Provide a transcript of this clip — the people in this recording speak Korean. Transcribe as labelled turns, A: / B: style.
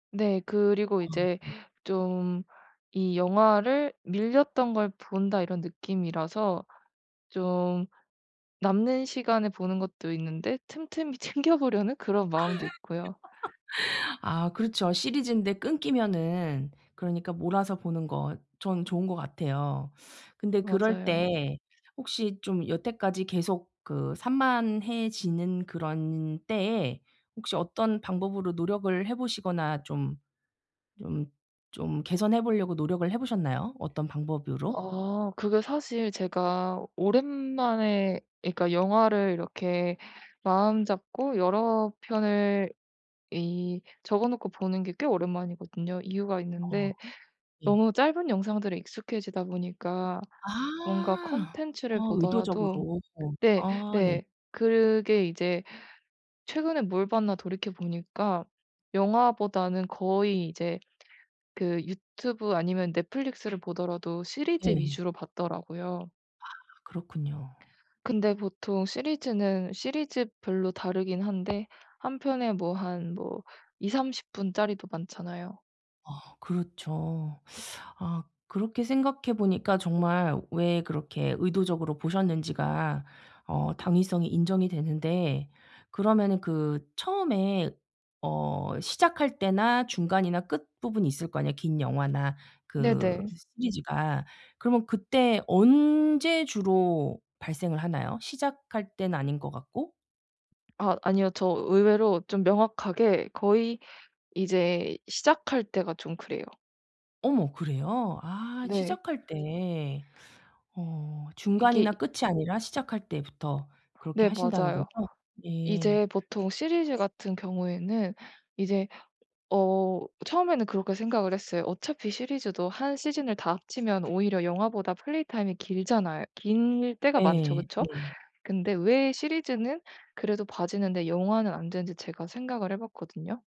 A: 네. 그리고 이제
B: 아.
A: 좀 이 영화를 '밀렸던 걸 본다.' 이런 느낌이라서 좀 남는 시간에 보는 것도 있는데 틈틈이 챙겨 보려는 그런 마음도 있고요.
B: 아 그렇죠. 시리즈인데 끊기면은 그러니까 몰아서 보는 거 전 좋은 것 같아요. 근데 그럴
A: 맞아요.
B: 때 혹시 좀 여태까지 계속 그 산만해지는 그런 때에 혹시 어떤 방법으로 노력을 해 보시거나 좀 좀 좀 개선해 보려고 노력을 해 보셨나요 어떤 방법으로?
A: 아. 그게 사실 제가 오랜만에 예 그러니까 영화를 이렇게 마음잡고 여러 편을 이 적어놓고 보는 게 꽤 오랜만이거든요. 이유가
B: 어.
A: 있는데
B: 예.
A: 너무 짧은 영상들에 익숙해지다 보니까 뭔가
B: 아.
A: 컨텐츠를
B: 어
A: 보더라도
B: 의도적으로.
A: 네
B: 아 네.
A: 네. 그게 이제 '최근에 뭘 봤나.' 돌이켜 보니까 영화보다는 거의 이제 그 유튜브 아니면 넷플릭스를 보더라도 시리즈
B: 네.
A: 위주로 봤더라고요.
B: 아 그렇군요.
A: 근데 보통 시리즈는 시리즈별로 다르긴 한데 1 편에 뭐 한 뭐 20~30 분 짜리도 많잖아요.
B: 아 그렇죠. 아 그렇게 생각해 보니까 정말 왜 그렇게 의도적으로 보셨는지가 어 당위성이 인정이 되는데 그러면은 그 처음에 어 시작할 때나 중간이나 끝부분이 있을 거 아니에요 긴 영화나 그
A: 네네.
B: 시리즈가. 그러면 그때 언제 주로 발생을 하나요? 시작할 때는 아닌 것 같고?
A: 아 아니요. 저 의외로 좀 명확하게 거의 이제 시작할 때가 좀 그래요.
B: 어머 그래요? 아
A: 네.
B: 시작할 때. 어
A: 이게
B: 중간이나 끝이 아니라 시작할 때부터 그렇게
A: 네
B: 하신다는 거죠?
A: 맞아요.
B: 예.
A: 이제 보통 시리즈 같은 경우에는 이제 어 처음에는 그렇게 생각을 했어요. 어차피 시리즈도 1 시즌을 다 합치면 오히려 영화보다 플레이 타임이 길잖아 길 때가 많죠.
B: 예.
A: 그쵸?
B: 네.
A: 근데 왜 시리즈는 그래도 봐지는데 영화는 안 되는지 제가 생각을 해 봤거든요?